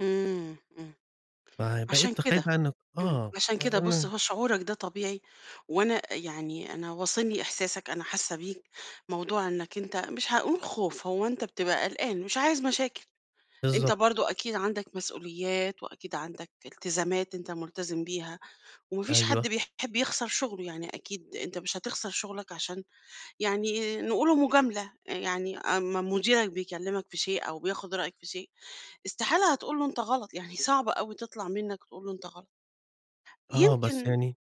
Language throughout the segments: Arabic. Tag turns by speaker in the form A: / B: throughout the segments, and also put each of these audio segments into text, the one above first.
A: إمم إمم. علشان
B: فبقيت
A: كده،
B: خايف أنا
A: إمم،
B: آه،
A: علشان كده. بُص
B: أنا
A: هو شعورَك ده طبيعي وأنا يعني أنا واصلني إحساسَك أنا حاسّة بيك، موضوع إنَّك أنت مش هاقول خوف، هو أنت بتبقى قلقان، مش عايز مشاكل، أنت
B: بالضبط.
A: برضه أكيد عندَك مسؤوليات وأكيد عندَك التزامات أنت ملتزم بيها، وما فيش
B: أيوه
A: حد بيحب يخسر شُغله، يعني أكيد أنت مش هتخسر شُغلَك؛ علشان يعني نقولوا مجاملة، يعني أمّا مديرَك بيكلمَك في شيء أو بياخد رأيَك في شيء، استحالة هتقول له أنت غلط، يعني صعبة أوي تطلَع منَّك تقول له أنت غلط.
B: آه بس
A: يمكن
B: يعني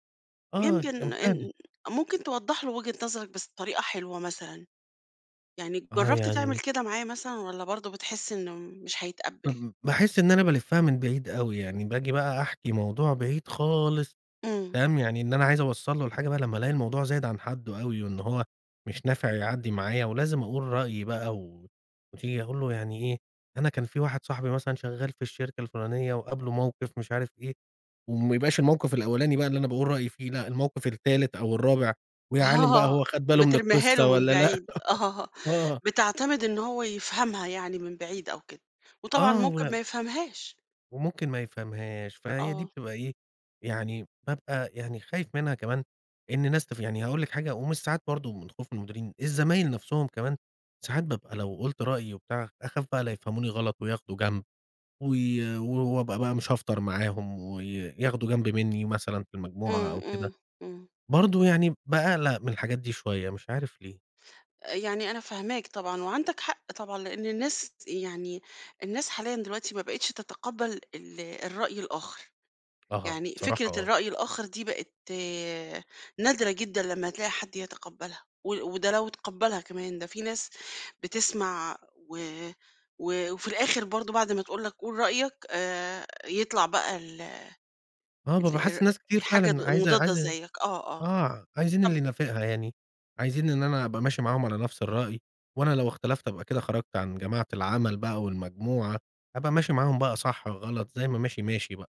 B: آه كان
A: يمكن
B: فعلًا.
A: إن ممكن توضح له وجهة نظرَك بس بطريقة حلوة مثلًا، يعني
B: آه
A: جربت تعمل
B: يعني
A: كده معاه مثلًا والّا برضه بتحس إنه مش هيتقبل؟
B: [unintelligible] باحس إن أنا بالفّها من بعيد أوي يعني، باجي بقى أحكي موضوع بعيد خالص
A: إمم.
B: تمام، يعني إن أنا عايز أوصل له الحاجة بقى، لمّا ألاقي الموضوع زايد عن حدُّه أوي، وإن هو مش نافع يعدّي معايا، ولازم أقول رأيي بقى، و وتيجي أقول له يعني ايه، أنا كان في واحد صاحبي مثلًا شغّال في الشركة الفلانية، وقابله موقف مش عارف إيه، وما يبقاش الموقف الأولاني بقى اللي أنا باقول رأيي فيه لأ، الموقف التالت أو الرابع، ويا عالِم بقى
A: آه
B: هو خَد باله من
A: بترميها له
B: القصّة
A: من
B: والّا لأ؟!
A: بعيد آه
B: آه
A: بتعتمد إنه هو يفهمها يعني من بعيد أو كده. وطبعًا
B: آه
A: ممكن
B: و
A: ما يفهمهاش.
B: وممكن ما يفهمهاش. فهي دي
A: آه.
B: بتبقى إيه، يعني بابقى يعني خايف منها كمان، إن ناس تف يعني هاقول لِك حاجة، ومش ساعات برضه من خوف المديرين، الزمايل نفْسهُم كمان ساعات بابقى لو قُلت رأيي وبتاع، أخاف بقى ليفهموني غلط وياخدوا جنب و و ابقى بقى مش هافطر معاهُم، وي ياخدوا جنب مني مثلًا في المجموعة
A: إمم،
B: أو كده.
A: إمم، إمم.
B: برضه يعني باقلق من الحاجات دي شوية، مش عارف ليه؟!
A: يعني أنا فاهماك طبعًا وعندَك حق طبعًا؛ لأن الناس يعني الناس حاليًا دلوقتي ما بقيتش تتقبل ال الرأي الآخر،
B: أها،
A: يعني
B: صراحة
A: فكرة
B: آه
A: الرأي الآخر دي بقت نادرة جدًا لمّا تلاقي حد يتقبّلها، و وده لو تقبّلها كمان، ده في ناس بتسمع و و وفي الآخر برضه بعد ما تقول لَك قول رأيَك، آآ، يطلَع بقى ال
B: آه
A: ال
B: بابقي حاسسس
A: آآ،
B: ناس كتير
A: الحاجة
B: فعلًا عايزة
A: المضادة
B: عايزة
A: زيك. آه، آه.
B: آه، عايزين اللي
A: طب
B: ينافقها يعني، عايزين إن أنا أبقى ماشي معاهم على نفْس الرأي، وأنا لو اختلفت أبقى كده خَرجت عن جماعة العمل بقى والمجموعة، هابقى ماشي معاهم بقى صح، غلط، زي ما ماشي ماشي بقى.